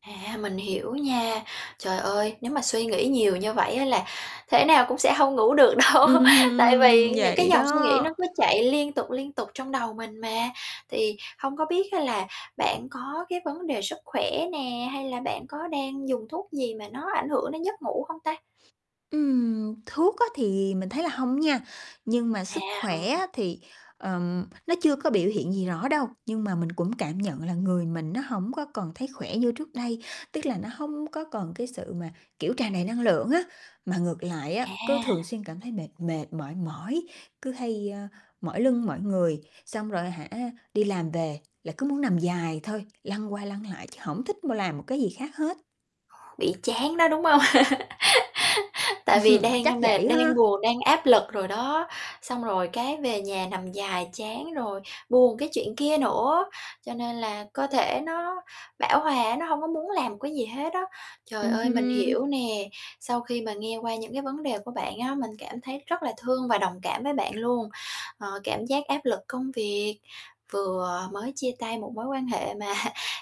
À, mình hiểu nha. Trời ơi, nếu mà suy nghĩ nhiều như vậy á là thể nào cũng sẽ hông ngủ được đâu, Ừm tại hừm, vì những cái vậy dòng suy nghĩ đó. nó cứ chạy liên tục, liên tục trong đầu mình mà. Thì hông có biết á là bạn có cái vấn đề sức khỏe nè, hay là bạn có đang dùng thuốc gì mà nó ảnh hưởng đến giấc ngủ không ta? Ừm, thuốc á thì mình thấy là hông nha. Nhưng mà À, sức khỏe hông. á thì, ờm, nó chưa có biểu hiện gì rõ đâu, nhưng mà mình cũng cảm nhận là người mình nó hổng có còn thấy khỏe như trước đây. Tức là nó hông có còn cái sự mà, kiểu, tràn đầy năng lượng á, mà ngược lại á, cứ thường À. xuyên cảm thấy mệt mệt mỏi mỏi, cứ hay, a, mỏi lưng mỏi người, xong rồi, hả, đi làm về là cứ muốn nằm dài thôi, lăn qua lăn lại, chứ hổng thích mà làm một cái gì khác hết. Bị chán đó, đúng hông? Tại vì đang, Chắc ơ, mệt, vậy đang ha. buồn, đang áp lực rồi đó, xong rồi cái về nhà nằm dài chán rồi buồn cái chuyện kia nữa, cho nên là cơ thể nó bão hòa á, nó hông có muốn làm một cái gì hết á. Trời Ừm ơi, mình hưm. hiểu nè, sau khi mà nghe qua những cái vấn đề của bạn á, mình cảm thấy rất là thương và đồng cảm với bạn luôn. Ờ, cảm giác áp lực công việc, vừa mới chia tay một mối quan hệ mà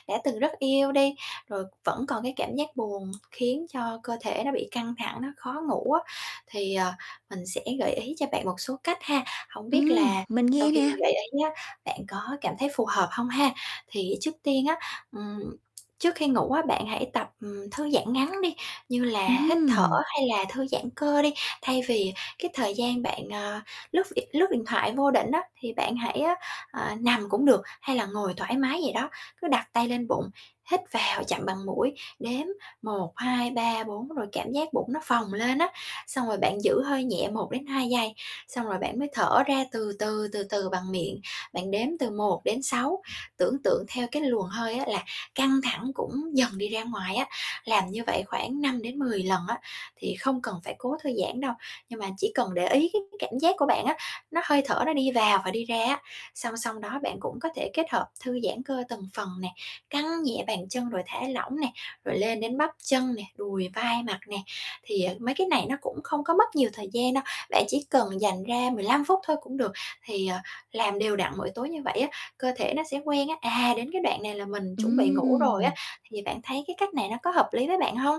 đã từng rất yêu đi, rồi vẫn còn cái cảm giác buồn, khiến cho cơ thể nó bị căng thẳng, nó khó ngủ á. Thì, ờ, mình sẽ gợi ý cho bạn một số cách ha, hổng biết Ừm, là mình sau nghe khi nè. mình gợi ý á, bạn có cảm thấy phù hợp hông ha. Thì trước tiên á, ừm, trước khi ngủ á, bạn hãy tập, ừm, thư giãn ngắn đi, như là hít thở Ừm. hay là thư giãn cơ đi. Thay vì cái thời gian bạn, à, lướt việt lướt điện thoại vô định á, thì bạn hãy á, ờ, nằm cũng được, hay là ngồi thoải mái vậy đó, cứ đặt tay lên bụng, hít vào chậm bằng mũi, đếm 1, 2, 3, 4 rồi cảm giác bụng nó phồng lên á, xong rồi bạn giữ hơi nhẹ 1 đến 2 giây, xong rồi bạn mới thở ra từ từ, từ từ bằng miệng, bạn đếm từ 1 đến 6 tưởng tượng theo cái luồng hơi á là căng thẳng cũng dần đi ra ngoài á, làm như vậy khoảng 5 đến 10 lần á, thì không cần phải cố thư giãn đâu, nhưng mà chỉ cần để ý cái cái cảm giác của bạn á, nó hơi thở nó đi vào và đi ra á. Song song đó bạn cũng có thể kết hợp thư giãn cơ từng phần nè, căng nhẹ bàn chân rồi thả lỏng nè, rồi lên đến bắp chân nè, đùi, vai, mặt nè, thì, à, mấy cái này nó cũng không có mất nhiều thời gian đâu, bạn chỉ cần dành ra 15 phút thôi cũng được. Thì, à, làm đều đặn mỗi tối như vậy á, cơ thể nó sẽ quen á, à, đến cái đoạn này là mình chuẩn bị ngủ rồi á. Ừm. Thì bạn thấy cái cách này nó có hợp lý với bạn hông?